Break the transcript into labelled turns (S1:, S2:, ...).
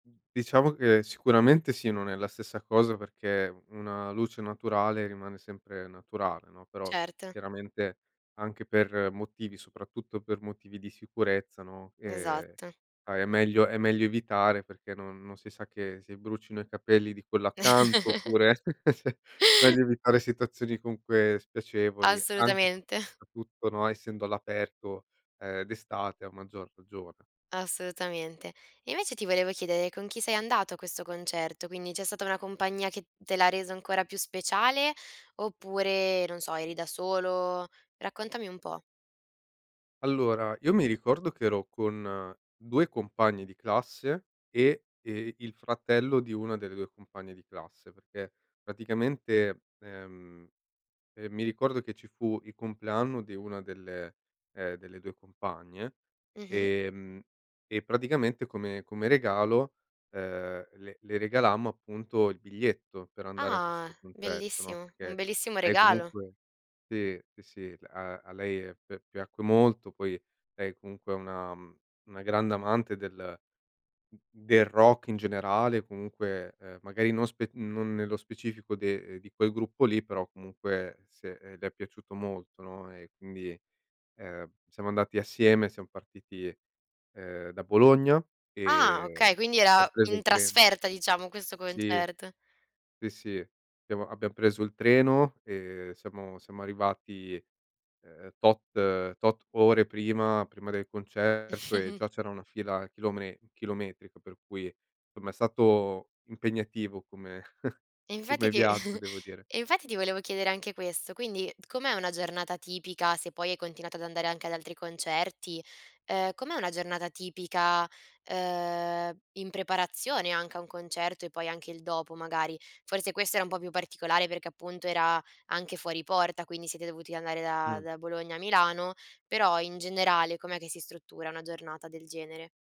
S1: Diciamo che sicuramente sì, non è la stessa cosa perché una luce naturale rimane sempre naturale, no, però
S2: Certo.
S1: chiaramente anche per motivi soprattutto per motivi di sicurezza, no, ehm,
S2: Esatto.
S1: a è meglio è meglio evitare perché non non si sa, che si brucino i capelli di quello accanto oppure, meglio evitare situazioni comunque spiacevoli. Anche
S2: Assolutamente.
S1: soprattutto, no, essendo all'aperto, uhm, d'estate a maggior ragione.
S2: Assolutamente. Invece ti volevo chiedere con chi sei andato a questo concerto? Quindi, c'è stata una compagnia che te l'ha reso ancora più speciale? Oppure, non so, eri da solo? Raccontami un po'.
S1: Allora, io mi ricordo che ero con 2 compagni di classe e, ehm, il fratello di una delle 2 compagne di classe, perché praticamente, ehm, ehm, mi ricordo che ci fu il compleanno di una delle ehm, delle 2 compagne,
S2: Mh-mh.
S1: ehm, e praticamente come come regalo, uhm, le le regalammo appunto il biglietto per andare a
S2: Ah.
S1: questo concerto, no,
S2: Bellissimo, un
S1: perché
S2: bellissimo
S1: lei
S2: regalo.
S1: comunque sì, sì, sì, a a lei pi piacque molto. Poi lei comunque è una una grande amante del del rock in generale, comunque, uhm, magari non spe non nello specifico de di quel gruppo lì, però comunque se le è piaciuto molto, no, e quindi, ehm, siamo andati assieme. Siam partiti, ehm, da Bologna
S2: Ah,
S1: e
S2: okay. Quindi
S1: abbiam
S2: era
S1: preso
S2: in
S1: il treno.
S2: trasferta diciamo questo
S1: Sì.
S2: concerto?
S1: Sì, sì, abbiamo abbiam preso il treno e siamo siamo arrivati, uhm, tot tot ore prima prima del concerto e già c'era una fila chilome chilometrica, per cui insomma è stato impegnativo come
S2: E infatti
S1: come
S2: ti
S1: viaggio, devo dire.
S2: e infatti ti volevo chiedere anche questo, quindi com'è una giornata tipica, se poi hai continuato ad andare anche ad altri concerti? Uhm, com'è una giornata tipica, uhm, in preparazione anche a un concerto e poi anche il dopo, magari? Forse questa era un po' più particolare perché appunto era anche fuori porta, quindi siete dovuti andare da
S1: Mh.
S2: da Bologna a Milano, però in generale com'è che si struttura una giornata del genere?